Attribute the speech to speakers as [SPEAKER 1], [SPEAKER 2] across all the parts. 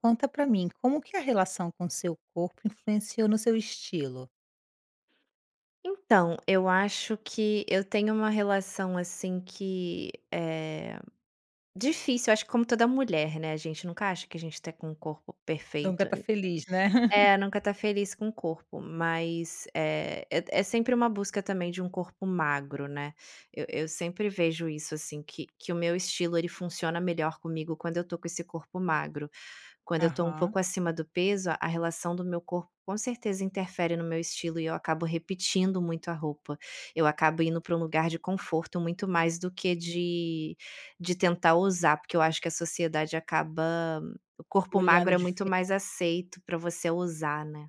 [SPEAKER 1] Conta pra mim, como que a relação com o seu corpo influenciou no seu estilo?
[SPEAKER 2] Então, eu acho que eu tenho uma relação, assim, que é difícil, acho como toda mulher, né, a gente nunca acha que a gente tá com o corpo
[SPEAKER 1] Nunca
[SPEAKER 2] perfeito
[SPEAKER 1] tá feliz, né?
[SPEAKER 2] é, nunca tá feliz com o corpo, mas é é é sempre uma busca também de um corpo magro, né? Eu eu sempre vejo isso assim que que o meu estilo, ele funciona melhor comigo quando eu tô com esse corpo magro. Quando eu tô um
[SPEAKER 1] Aham.
[SPEAKER 2] pouco acima do peso, a relação do meu corpo com certeza interfere no meu estilo e eu acabo repetindo muito a roupa. Eu acabo indo pra um lugar de conforto, muito mais do que de de tentar ousar, porque eu acho que a sociedade acaba o corpo magro
[SPEAKER 1] Olhando
[SPEAKER 2] é muito
[SPEAKER 1] dife
[SPEAKER 2] mais aceito pra você ousar, né.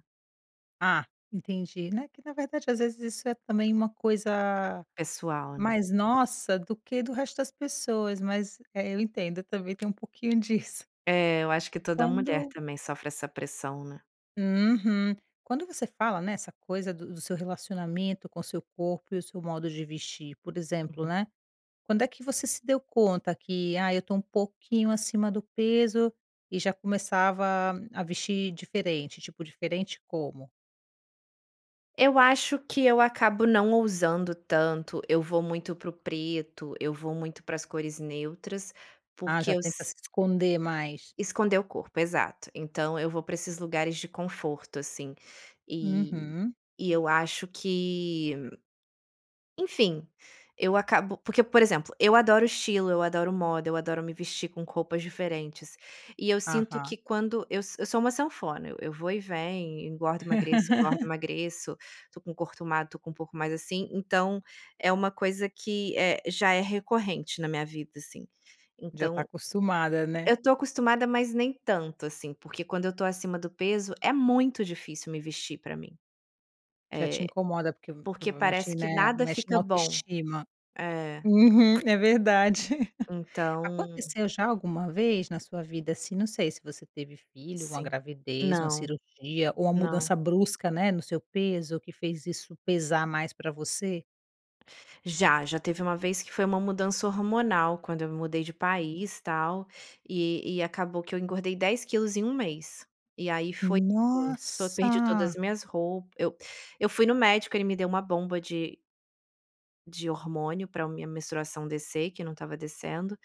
[SPEAKER 1] Ah, entendi. Né, que na verdade às vezes isso é também uma coisa
[SPEAKER 2] Pessoal, né?
[SPEAKER 1] mais nossa do que do resto das pessoas, mas, é, eu entendo, eu também tenho um pouquinho disso.
[SPEAKER 2] É, eu acho que toda mulher
[SPEAKER 1] Quando
[SPEAKER 2] também sofre essa pressão, né.
[SPEAKER 1] Uhum. Quando você fala nessa coisa do do seu relacionamento com o seu corpo e o seu modo de vestir, por exemplo,
[SPEAKER 2] Uhum.
[SPEAKER 1] né, quando é que você se deu conta que "Ai, eu tô um pouquinho acima do peso", e já começava a vestir diferente, tipo, diferente como?
[SPEAKER 2] Eu acho que eu acabo não ousando tanto, eu vou muito para o preto, eu vou muito para as cores neutras,
[SPEAKER 1] Ah,
[SPEAKER 2] porque
[SPEAKER 1] já
[SPEAKER 2] eu
[SPEAKER 1] tenta
[SPEAKER 2] s
[SPEAKER 1] se esconder mais.
[SPEAKER 2] Esconder o corpo, exato. Então, eu vou para esses lugares de conforto, assim. E
[SPEAKER 1] Uhum.
[SPEAKER 2] e eu acho que, enfim, eu acabo porque, por exemplo, eu adoro estilo, eu adoro moda, eu adoro me vestir com roupas diferentes. E eu sinto que,
[SPEAKER 1] Aham.
[SPEAKER 2] quando eu eu sou uma sanfona, eu eu vou e venho, engordo e emagreço, engordo e emagreço. Tô com corpo magro, tô com o corpo um pouco mais assim, então é uma coisa que é já é recorrente na minha vida, assim.
[SPEAKER 1] Já tá
[SPEAKER 2] Então,
[SPEAKER 1] acostumada, né.
[SPEAKER 2] eu tô acostumada, mas nem tanto assim, porque, quando eu tô acima do peso, é muito difícil me vestir, pra mim.
[SPEAKER 1] Já te
[SPEAKER 2] É.
[SPEAKER 1] incomoda, porque,
[SPEAKER 2] Porque
[SPEAKER 1] provavelmente,
[SPEAKER 2] parece que
[SPEAKER 1] né,
[SPEAKER 2] nada
[SPEAKER 1] mexe na
[SPEAKER 2] fica bom.
[SPEAKER 1] autoestima.
[SPEAKER 2] É.
[SPEAKER 1] Uhum. É verdade.
[SPEAKER 2] Então.
[SPEAKER 1] Aconteceu já alguma vez na sua vida, assim, não sei se você teve filho, ou uma
[SPEAKER 2] Sim.
[SPEAKER 1] gravidez, ou uma
[SPEAKER 2] Não.
[SPEAKER 1] cirurgia, ou uma
[SPEAKER 2] Não.
[SPEAKER 1] mudança brusca, né, no seu peso, que fez isso pesar mais pra você?
[SPEAKER 2] Já. Já teve uma vez que foi uma mudança hormonal, quando eu me mudei de país tal, e e acabou que eu engordei 10 quilos em 1 mês. E aí, foi [unintelligible] tô, perdi todas
[SPEAKER 1] Nossa!.
[SPEAKER 2] as minhas rou eu eu fui no médico, ele me deu uma bomba de de hormônio para a minha menstruação descer, que não estava descendo,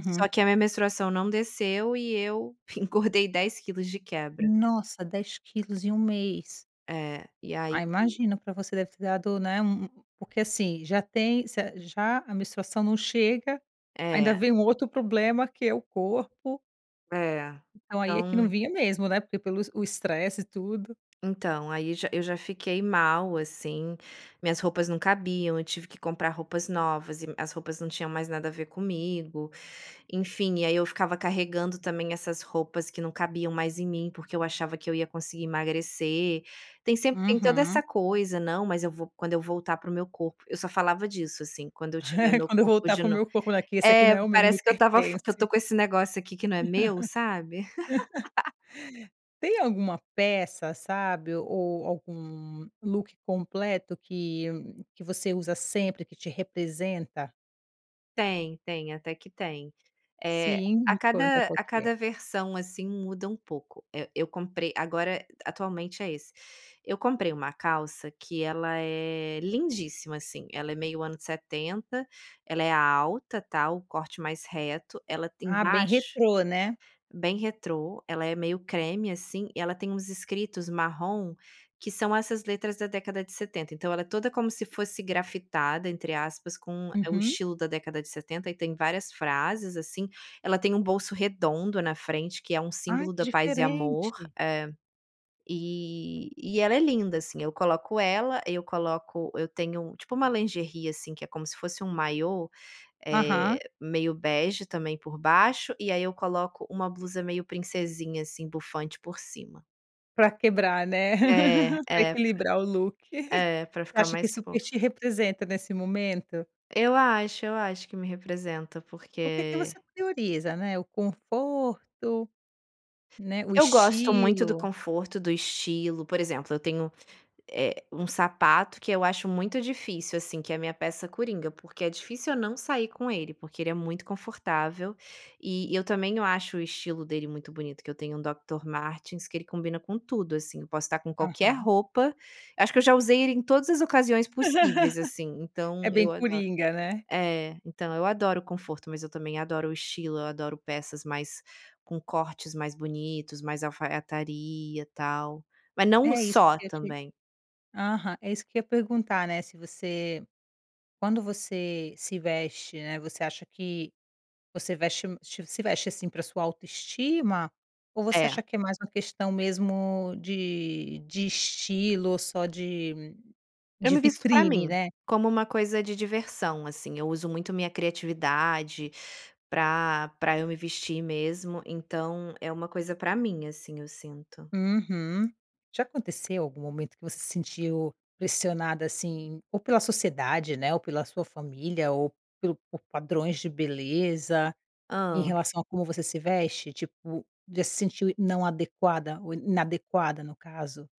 [SPEAKER 2] só que a minha menstruação não desceu e eu engordei 10 quilos de quebra.
[SPEAKER 1] Nossa, 10 quilos em 1 mês.
[SPEAKER 2] É, e aí
[SPEAKER 1] Ai, imagina! Para você, deve ter dado, né, um um porque assim, já tem cer já a menstruação não chega, ainda
[SPEAKER 2] É.
[SPEAKER 1] vem um outro problema que é o corpo.
[SPEAKER 2] É.
[SPEAKER 1] Então aí é que não
[SPEAKER 2] Então
[SPEAKER 1] vinha mesmo, né? Porque, pelo es o estresse e tudo.
[SPEAKER 2] Então, aí já eu já fiquei mal, assim. Minhas roupas não cabiam, eu tive que comprar roupas novas e as roupas não tinham mais nada a ver comigo, enfim. E aí, eu ficava carregando também essas roupas que não cabiam mais em mim, porque eu achava que eu ia conseguir emagrecer. Tem sempre, tem toda essa
[SPEAKER 1] Uhum.
[SPEAKER 2] coisa: "Não, mas eu vou, quando eu voltar para o meu corpo", eu só falava disso, assim: "Quando eu tiver meu
[SPEAKER 1] Quando eu
[SPEAKER 2] corpo
[SPEAKER 1] voltar
[SPEAKER 2] de
[SPEAKER 1] para o
[SPEAKER 2] no".
[SPEAKER 1] meu corpo, né? Que esse aqui não
[SPEAKER 2] É,
[SPEAKER 1] é o meu, não me
[SPEAKER 2] parece que eu estava f que eu tô
[SPEAKER 1] pertence.
[SPEAKER 2] com esse negócio aqui que, né, meu, sabe?
[SPEAKER 1] Tem alguma peça, sabe, ou ou algum look completo que que você usa sempre, que te representa?
[SPEAKER 2] Tem, tem, até que tem. Eh,
[SPEAKER 1] Sim,
[SPEAKER 2] a
[SPEAKER 1] me conta
[SPEAKER 2] cada
[SPEAKER 1] qual
[SPEAKER 2] a
[SPEAKER 1] que é.
[SPEAKER 2] cada versão, assim, muda um pouco. Eh, eu comprei agora, eh, atualmente é esse. Eu comprei uma calça que ela é, lindíssima, assim, ela é meio anos 70, ela é alta, tá o corte mais reto, ela tem
[SPEAKER 1] Ah, bem
[SPEAKER 2] embaixo,
[SPEAKER 1] retrô né?
[SPEAKER 2] bem retrô, ela é meio creme, assim, e ela tem uns escritos marrom, que são essas letras da década de 70, então, ela é toda como se fosse grafitada, entre aspas, com é o
[SPEAKER 1] Uhum.
[SPEAKER 2] estilo da década de 70 e tem várias frases, assim, ela tem um bolso redondo na frente que é
[SPEAKER 1] Ah,
[SPEAKER 2] símbolo
[SPEAKER 1] que
[SPEAKER 2] da paz e amor
[SPEAKER 1] diferente!
[SPEAKER 2] é, e e ela é linda, assim, eu coloco ela, eu coloco eu tenho, tipo, uma lingerie, assim, que é como se fosse maiô, eh,
[SPEAKER 1] Aham.
[SPEAKER 2] meio bege também por baixo, e aí, eu coloco uma blusa meio princesinha, assim, bufante por cima.
[SPEAKER 1] Pra quebrar né?
[SPEAKER 2] É,
[SPEAKER 1] Pra
[SPEAKER 2] é, pra
[SPEAKER 1] equilibrar o look.
[SPEAKER 2] é, pra
[SPEAKER 1] Você
[SPEAKER 2] ficar
[SPEAKER 1] acha que
[SPEAKER 2] mais
[SPEAKER 1] esse super
[SPEAKER 2] fofa.
[SPEAKER 1] te representa nesse momento?
[SPEAKER 2] Eu acho, eu acho que me representa
[SPEAKER 1] O que que
[SPEAKER 2] porque
[SPEAKER 1] você prioriza, né, o conforto, né, o
[SPEAKER 2] Eu gosto muito do
[SPEAKER 1] estilo?
[SPEAKER 2] conforto, do estilo por exemplo eu tenho, eh, um sapato que eu acho muito difícil, assim que é a minha peça coringa, porque é difícil eu não sair com ele, porque ele é muito confortável e e eu também eu acho o estilo dele muito bonito, que eu tenho um Doctor Martens que ele combina com tudo, assim, eu posso tá com qualquer
[SPEAKER 1] Aham.
[SPEAKER 2] roupa acho que eu já usei ele em todas as ocasiões possíveis, assim, então,
[SPEAKER 1] É bem
[SPEAKER 2] eu ado
[SPEAKER 1] coringa né?
[SPEAKER 2] É, então, eu adoro conforto, mas eu também adoro o estilo, eu adoro peças mais com cortes mais bonitos mais alfaiataria, tal, mas não o
[SPEAKER 1] É isso
[SPEAKER 2] só
[SPEAKER 1] que eu te
[SPEAKER 2] também.
[SPEAKER 1] aham, é isso que eu ia perguntar, né, se você quando você se veste, né, você acha que você veste se veste, assim, pra sua autoestima, ou você
[SPEAKER 2] É.
[SPEAKER 1] acha que é mais uma questão mesmo de de estilo só de
[SPEAKER 2] Eu
[SPEAKER 1] de
[SPEAKER 2] me visto pra
[SPEAKER 1] vitrine
[SPEAKER 2] mim,
[SPEAKER 1] né?
[SPEAKER 2] como uma coisa de diversão, assim, eu uso muito minha criatividade pra pra eu me vestir mesmo, então, é uma coisa pra mim, assim, eu sinto.
[SPEAKER 1] Uhum. Já aconteceu algum momento que você se sentiu pressionada, assim, ou pela sociedade, né, ou pela sua família, ou pelo por padrões de beleza, em
[SPEAKER 2] Hã.
[SPEAKER 1] relação a como você se veste? Tipo, já se sentiu não adequada ou inadequada, no caso?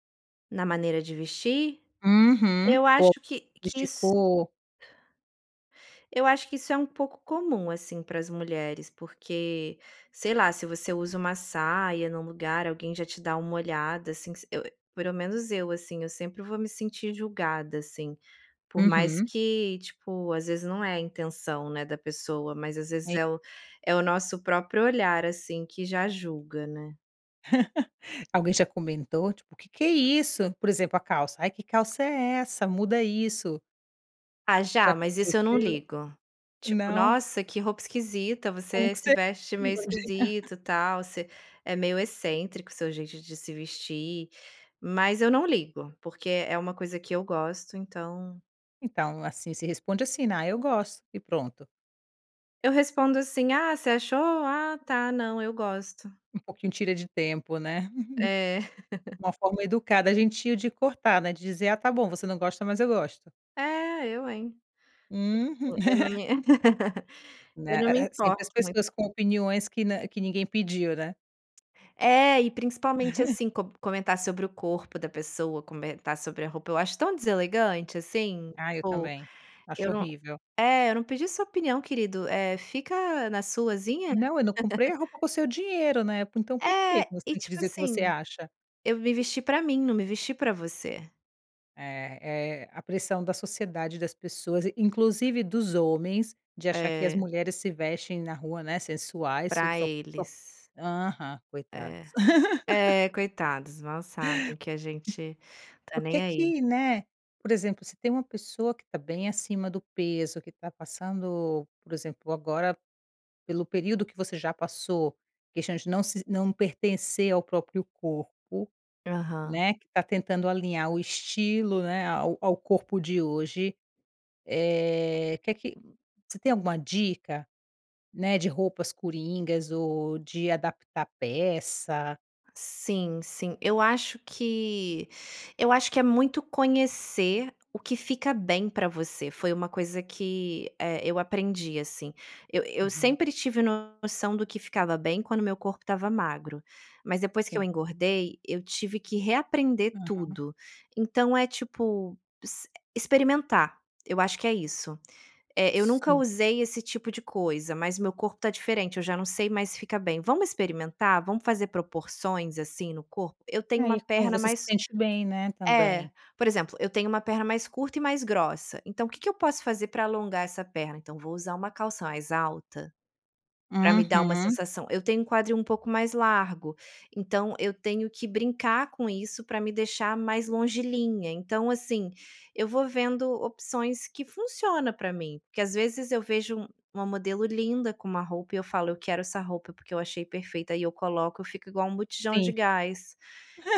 [SPEAKER 2] Na maneira de vestir?
[SPEAKER 1] Uhum,
[SPEAKER 2] Eu
[SPEAKER 1] cor
[SPEAKER 2] acho que que
[SPEAKER 1] vestir
[SPEAKER 2] isso
[SPEAKER 1] cor
[SPEAKER 2] eu acho que isso é um pouco comum, assim, para as mulheres, porque, sei lá, se você usa uma saia num lugar alguém já te dá uma olhada, assim, se eu, eh pelo menos eu, assim, eu sempre vou me sentir julgada, assim, por mais
[SPEAKER 1] Uhum.
[SPEAKER 2] que tipo, às vezes não é a intenção, né, da pessoa, mas às vezes
[SPEAKER 1] [unintelligible]
[SPEAKER 2] é o é o nosso próprio olhar, assim, que já julga, né?
[SPEAKER 1] Alguém já comentou, tipo: "O que que é isso?" Por exemplo, a calça: "Ah, que calça é essa? Muda isso".
[SPEAKER 2] Ah,
[SPEAKER 1] já
[SPEAKER 2] já, mas isso eu não
[SPEAKER 1] aconteceu?
[SPEAKER 2] ligo. Tipo:
[SPEAKER 1] Não?
[SPEAKER 2] "Nossa, que roupa esquisita.
[SPEAKER 1] Como
[SPEAKER 2] Você
[SPEAKER 1] que
[SPEAKER 2] se
[SPEAKER 1] você
[SPEAKER 2] veste
[SPEAKER 1] [unintelligible]
[SPEAKER 2] meio esquisito", tal, "Você é meio excêntrico seu jeito de se vestir", mas eu não ligo, porque é uma coisa que eu gosto, então
[SPEAKER 1] Então, assim, se responde, assim: "Ná, eu gosto e pronto".
[SPEAKER 2] Eu respondo, assim: "Ah você achou? Ah tá, não eu gosto".
[SPEAKER 1] Um pouquinho tira de tempo, né?
[SPEAKER 2] É.
[SPEAKER 1] Uma forma educada, gentil de cortar, né, de dizer: "Ah, tá bom, você não gosta, mas eu gosto!"
[SPEAKER 2] É. Eu hein?
[SPEAKER 1] Uhu
[SPEAKER 2] [unintelligible] Eu eu não me Eu
[SPEAKER 1] né.
[SPEAKER 2] não me
[SPEAKER 1] Eh eh, sempre
[SPEAKER 2] importo
[SPEAKER 1] as
[SPEAKER 2] muito
[SPEAKER 1] pessoas com opiniões que, né que ninguém pediu, né?
[SPEAKER 2] É, e principalmente, assim, com comentar sobre o corpo da pessoa, comentar sobre a roupa, eu acho tão deselegante, assim.
[SPEAKER 1] Ah, eu
[SPEAKER 2] Pô!
[SPEAKER 1] também, acho
[SPEAKER 2] Eu não
[SPEAKER 1] horrível.
[SPEAKER 2] é, "eu não pedi sua opinião querido, eh fica na suazinha".
[SPEAKER 1] Não, eu não comprei a roupa com o seu dinheiro, né, então, por que
[SPEAKER 2] É,
[SPEAKER 1] que você
[SPEAKER 2] e
[SPEAKER 1] tem que
[SPEAKER 2] tipo,
[SPEAKER 1] dizer o que você
[SPEAKER 2] assim,
[SPEAKER 1] acha?
[SPEAKER 2] "eu me vesti pra mim, não me vesti pra você".
[SPEAKER 1] É é, a pressão da sociedade e das pessoas in inclusive dos homens de achar que as
[SPEAKER 2] É.
[SPEAKER 1] mulheres se vestem na rua, né, sensuais tudo
[SPEAKER 2] Pra
[SPEAKER 1] só po po
[SPEAKER 2] eles.
[SPEAKER 1] aham,
[SPEAKER 2] É,
[SPEAKER 1] coitados.
[SPEAKER 2] é coitados, mal sabem que a
[SPEAKER 1] Hum
[SPEAKER 2] gente tá
[SPEAKER 1] por
[SPEAKER 2] nem,
[SPEAKER 1] que
[SPEAKER 2] aí.
[SPEAKER 1] que né, por exemplo, se tem uma pessoa que tá bem acima do peso, que tá passando por exemplo, agora pelo período que você já passou, questão de não se não pertencer ao próprio corpo,
[SPEAKER 2] Aham.
[SPEAKER 1] né, que tá tentando alinhar o estilo, né, ao ao corpo de hoje, eh, que que você tem alguma dica, né, de roupas coringas ou de adaptar peça
[SPEAKER 2] Sim, sim, eu acho que eu acho que é muito conhecer o que fica bem pra você, foi uma coisa que, eh, eu aprendi, assim. Eu eu
[SPEAKER 1] Uhum.
[SPEAKER 2] sempre tive noção do que ficava bem quando meu corpo estava magro. Mas depois que eu
[SPEAKER 1] Sim.
[SPEAKER 2] engordei, eu tive que reaprender
[SPEAKER 1] Uhum.
[SPEAKER 2] tudo. Então, é tipo, ex experimentar, eu acho que é isso. Eh: "Eu nunca
[SPEAKER 1] Sim.
[SPEAKER 2] usei esse tipo de coisa, mas meu corpo tá diferente, eu já não sei mais fica bem. Vamos experimentar? Vamos fazer proporções, assim, no corpo?" "Eu tenho
[SPEAKER 1] É,
[SPEAKER 2] uma
[SPEAKER 1] e como
[SPEAKER 2] perna
[SPEAKER 1] você se
[SPEAKER 2] mais",
[SPEAKER 1] sente bem, né,
[SPEAKER 2] é,
[SPEAKER 1] também.
[SPEAKER 2] por exemplo, eu tenho uma perna mais curta e mais grossa, então: "O que que eu posso fazer pra alongar essa perna?" Então, vou usar uma calça mais alta, pra me dar uma
[SPEAKER 1] Uhum.
[SPEAKER 2] sensação "Eu tenho um quadril um pouco mais largo", então, eu tenho que brincar com isso pra me deixar mais longilínea então, assim, eu vou vendo opções que funciona pra mim, porque às vezes eu vejo uma modelo linda com uma roupa e eu falo: "Eu quero essa roupa porque eu achei perfeita", e eu coloco eu fico igual botijão de
[SPEAKER 1] Sim.
[SPEAKER 2] gás,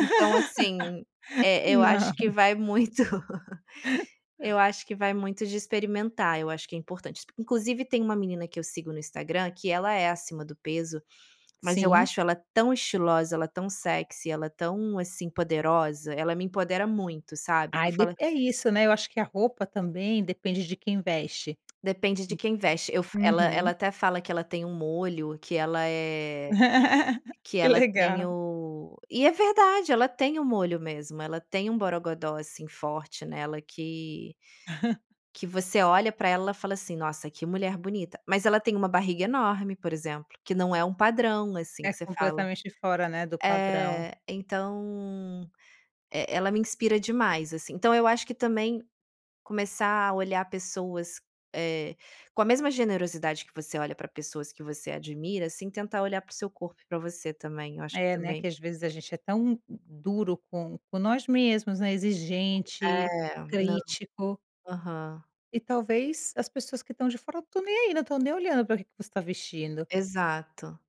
[SPEAKER 2] então, assim é é eu
[SPEAKER 1] Não.
[SPEAKER 2] acho que vai muito, eu acho que vai muito de experimentar, eu acho que é importante, exp inclusive, tem uma menina que eu sigo no Instagram que ela é acima do peso, mas eu
[SPEAKER 1] Sim.
[SPEAKER 2] acho ela tão estilosa, ela é tão sexy, e ela é tão, assim, poderosa. Ela me empodera muito, sabe? Que
[SPEAKER 1] Ai
[SPEAKER 2] eu falo
[SPEAKER 1] depen é isso, né, eu acho que a roupa também depende de quem veste.
[SPEAKER 2] Depende de quem veste, eu fa
[SPEAKER 1] Hum
[SPEAKER 2] ela ela
[SPEAKER 1] Uhum.
[SPEAKER 2] até fala; "Que ela tem um molho, que ela eh que
[SPEAKER 1] Que
[SPEAKER 2] ela tem
[SPEAKER 1] legal.
[SPEAKER 2] o" e, é verdade ela tem o molho mesmo ela tem um, borogodó assim, forte nela que que você olha pra ela e fala, assim: "Nossa que mulher bonita", mas ela tem uma barriga enorme, por exemplo, que não é um padrão, assim,
[SPEAKER 1] É,
[SPEAKER 2] que você fala
[SPEAKER 1] completamente fora, né, do padrão.
[SPEAKER 2] eh, então, é é ela me inspira demais, assim. Então, eu acho que também começar a olhar pessoas, eh, com a mesma generosidade que você olha pra pessoas que você admira, assim, tentar olhar paro o seu corpo e pra você também, eu acho
[SPEAKER 1] É,
[SPEAKER 2] que
[SPEAKER 1] né, que
[SPEAKER 2] também
[SPEAKER 1] às vezes a gente é tão du duro com com nós mesmos, né,
[SPEAKER 2] [unintelligible]
[SPEAKER 1] exigente,
[SPEAKER 2] É, não.
[SPEAKER 1] crítico
[SPEAKER 2] Aham.
[SPEAKER 1] e talvez, as pessoas que estão de fora, não estão nem, aí, não estão nem olhando para o que que você tá vestindo.
[SPEAKER 2] Exato.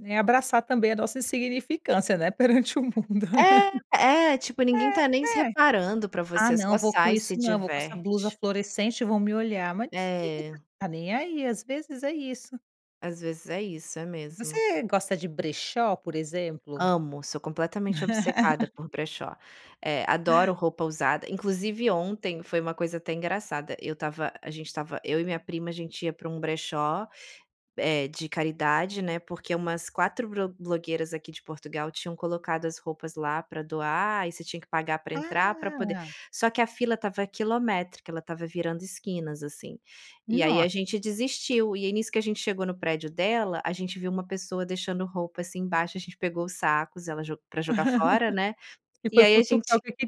[SPEAKER 1] É abraçar também a nossa insignificância, né, perante o mundo.
[SPEAKER 2] É, é, tipo, ninguém tá nem se
[SPEAKER 1] É, é.
[SPEAKER 2] reparando pra
[SPEAKER 1] "Ah
[SPEAKER 2] você, só
[SPEAKER 1] não, vou com
[SPEAKER 2] sai e
[SPEAKER 1] isso
[SPEAKER 2] se
[SPEAKER 1] não, vou com essa blusa
[SPEAKER 2] diverte.
[SPEAKER 1] fluorescente e vão me olhar", mas ninguém
[SPEAKER 2] É.
[SPEAKER 1] tá nem aí, às vezes é isso.
[SPEAKER 2] Às vezes é isso, é mesmo.
[SPEAKER 1] Você gosta de brechó, por exemplo?
[SPEAKER 2] Amo, sou completamente obcecada por brechó, eh, adoro roupa usada, inclusive ontem foi uma coisa até engraçada, eu tava a gente tava eu e minha prima a gente ia para um brechó, eh, de caridade, né, porque umas 4 bro blogueiras aqui de Portugal tinham colocado as roupas lá pra doar e você tinha que pagar pra entrar pra poder
[SPEAKER 1] Ah!
[SPEAKER 2] só que a fila estava quilométrica, ela estava virando esquinas, assim, e aí a
[SPEAKER 1] Nossa!
[SPEAKER 2] gente desistiu, e aí nisso que a gente chegou no prédio dela a gente viu uma pessoa deixando roupa, assim, embaixo, a gente pegou sacos, ela jo pra jogar fora, né,
[SPEAKER 1] E
[SPEAKER 2] e
[SPEAKER 1] foi
[SPEAKER 2] aí a
[SPEAKER 1] futucar
[SPEAKER 2] gente
[SPEAKER 1] o que que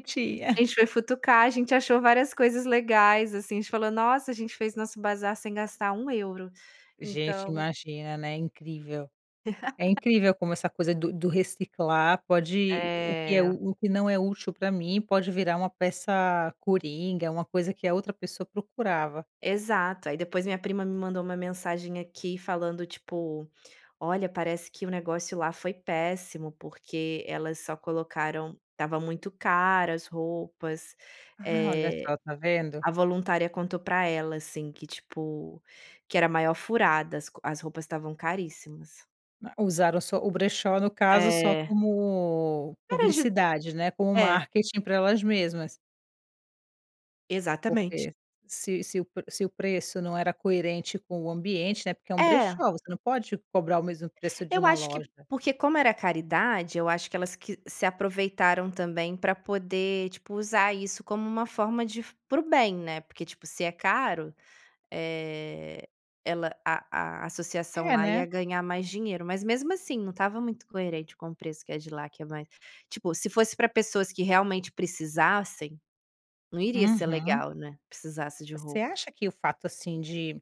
[SPEAKER 2] a
[SPEAKER 1] tinha.
[SPEAKER 2] gente foi futucar, a gente achou várias coisas legais, assim, a gente falou: "Nossa, a gente fez nosso bazar sem gastar 1€."
[SPEAKER 1] Gente,
[SPEAKER 2] Então
[SPEAKER 1] imagina, né, incrível. É incrível como essa coisa do do reciclar pode o que é
[SPEAKER 2] É.
[SPEAKER 1] u o que não é útil pra mim, pode virar uma peça coringa, é uma coisa que a outra pessoa procurava.
[SPEAKER 2] Exato, aí depois minha prima me mandou uma mensagem aqui falando, tipo: "Olha, parece que o negócio lá foi péssimo, porque elas só colocaram tava muito cara as roupas",
[SPEAKER 1] Ah, olha
[SPEAKER 2] eh,
[SPEAKER 1] só, tá vendo.
[SPEAKER 2] a voluntária contou pra ela, assim, que, tipo, que era a maior furada as co as roupas estavam caríssimas.
[SPEAKER 1] Ma usaram só o brechó, no caso, só
[SPEAKER 2] É.
[SPEAKER 1] como
[SPEAKER 2] Caras de d
[SPEAKER 1] publicidade, né, como
[SPEAKER 2] é.
[SPEAKER 1] marketing pra elas mesmas.
[SPEAKER 2] Exatamente.
[SPEAKER 1] Porque se se o pre se o preço não era coerente com o ambiente, né, porque é um
[SPEAKER 2] É.
[SPEAKER 1] brechó, você não pode cobrar o mesmo preço de
[SPEAKER 2] Eu
[SPEAKER 1] uma
[SPEAKER 2] acho que
[SPEAKER 1] loja.
[SPEAKER 2] porque como era caridade, eu acho que elas que se aproveitaram também pra poder, tipo, usar isso como uma forma de fu para o bem, né, porque, tipo, se é caro, eh, ela a a associação
[SPEAKER 1] É,
[SPEAKER 2] lá
[SPEAKER 1] né.
[SPEAKER 2] ia ganhar mais dinheiro, mas mesmo assim não estava muito coerente com o preço que é de lá, que é mais tipo, se fosse pra pessoas que realmente precisassem, não iria ser
[SPEAKER 1] Uhum.
[SPEAKER 2] legal, né, precisasse de
[SPEAKER 1] Você
[SPEAKER 2] roupa.
[SPEAKER 1] acha que o fato, assim de,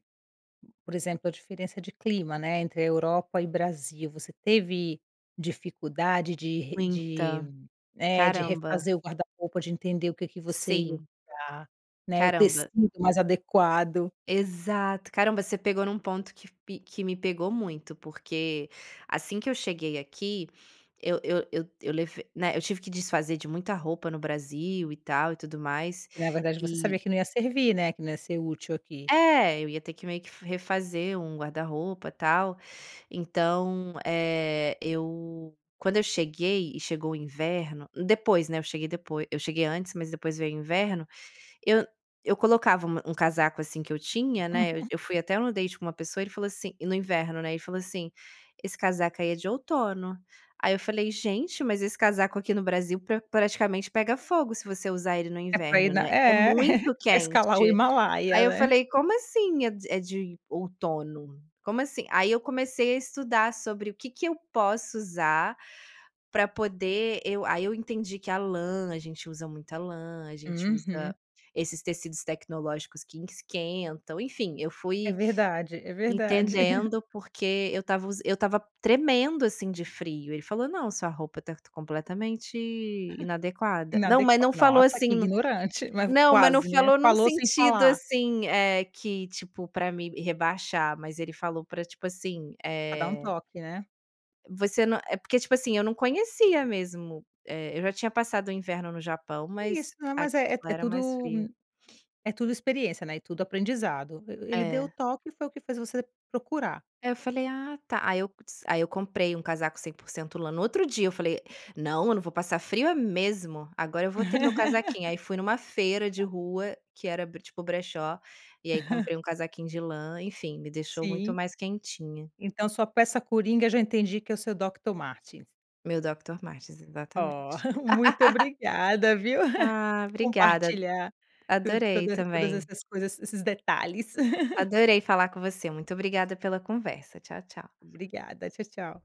[SPEAKER 1] por exemplo, a diferença de clima, né, entre a Europa e Brasil, você teve dificuldade de re de,
[SPEAKER 2] Muita.
[SPEAKER 1] né, de
[SPEAKER 2] Caramba.
[SPEAKER 1] refazer o guarda-roupa, de entender o que que você ia
[SPEAKER 2] Sim.
[SPEAKER 1] usar, né, o
[SPEAKER 2] Caramba.
[SPEAKER 1] tecido mais adequado?
[SPEAKER 2] Exato. Caramba, você pegou num ponto que pe que me pegou muito, porque assim que eu cheguei aqui eu eu eu eu leve né, eu tive que desfazer de muita roupa no Brasil e tal e tudo mais,
[SPEAKER 1] Que na verdade você
[SPEAKER 2] e
[SPEAKER 1] sabia que não ia servir, né, que não ia ser útil aqui.
[SPEAKER 2] É, eu ia ter que meio que f refazer um guarda-roupa, tal, então, eh, eu quando eu cheguei e chegou o inverno, depois, né, eu cheguei depoi eu cheguei antes, mas depois veio o inverno, eu eu colocava uma um casaco, assim, que eu tinha, né, eu eu fui até em um date com uma pessoa, ele falou assim, e no inverno, né, ele falou assim: "Esse casaco aí é de outono." Aí eu falei: "Gente, mas esse casaco aqui no Brasil pra praticamente pega fogo se você usar ele no
[SPEAKER 1] É pra ir
[SPEAKER 2] inverno,
[SPEAKER 1] na,
[SPEAKER 2] né. É
[SPEAKER 1] é,
[SPEAKER 2] muito
[SPEAKER 1] pra escalar
[SPEAKER 2] quente."
[SPEAKER 1] o
[SPEAKER 2] Aí
[SPEAKER 1] Himalaia
[SPEAKER 2] eu
[SPEAKER 1] né.
[SPEAKER 2] falei: "Como assim é d é de outono? Como assim?" Aí eu comecei a estudar sobre o que que eu posso usar pra poder eu aí eu entendi que a lã, a gente usa muita lã, a gente usa
[SPEAKER 1] Uhum.
[SPEAKER 2] esses tecidos tecnológicos que esquentam, enfim, eu
[SPEAKER 1] É
[SPEAKER 2] fui
[SPEAKER 1] verdade, é verdade.
[SPEAKER 2] entendendo por que eu estava us eu estava tremendo, assim, de frio. Ele falou: "Não, sua roupa tá completamente inadequada." Não, mas
[SPEAKER 1] Inadequa
[SPEAKER 2] não falou
[SPEAKER 1] nossa,
[SPEAKER 2] assim
[SPEAKER 1] que
[SPEAKER 2] no
[SPEAKER 1] ignorante, mas v
[SPEAKER 2] não, mas não
[SPEAKER 1] quase, né?
[SPEAKER 2] falou num
[SPEAKER 1] Falou sem
[SPEAKER 2] sentido
[SPEAKER 1] falar.
[SPEAKER 2] assim, eh, que, tipo, pra me rebaixar, mas ele falou pra, tipo assim,
[SPEAKER 1] Pra dar um
[SPEAKER 2] eh
[SPEAKER 1] toque, né?
[SPEAKER 2] Você não é porque tipo assim, eu não conhecia mesmo, eh, eu já tinha passado o inverno no Japão,
[SPEAKER 1] Isso,
[SPEAKER 2] mas
[SPEAKER 1] né, mas, é
[SPEAKER 2] aquilo
[SPEAKER 1] é
[SPEAKER 2] era mais
[SPEAKER 1] tudo
[SPEAKER 2] frio.
[SPEAKER 1] é tudo experiência, né, tudo aprendizado e ele deu o
[SPEAKER 2] É.
[SPEAKER 1] toque e foi o que fez você procurar.
[SPEAKER 2] É, eu falei: "Ah tá." Aí eu dis aí eu comprei um casaco 100% lã, no outro dia eu falei: "Não, eu não vou passar frio é mesmo, agora eu vou ter meu casaquinho." Aí fui numa feira de rua que era bre tipo o brechó e aí comprei um casaquinho de lã, enfim, me deixou muito
[SPEAKER 1] Sim.
[SPEAKER 2] mais quentinha.
[SPEAKER 1] Então sua peça coringa já entendi que é o seu Doctor Martens.
[SPEAKER 2] Meu Doctor Martens,
[SPEAKER 1] Oh,
[SPEAKER 2] exatamente.
[SPEAKER 1] muito obrigada, viu,
[SPEAKER 2] Ah,
[SPEAKER 1] por
[SPEAKER 2] obrigada.
[SPEAKER 1] compartilhar tu
[SPEAKER 2] Adorei
[SPEAKER 1] todas todas
[SPEAKER 2] também.
[SPEAKER 1] essas coisas, esses detalhes.
[SPEAKER 2] Adorei falar com você. Muito obrigada pela conversa. Tchau, tchau.
[SPEAKER 1] Obrigada, tchau, tchau.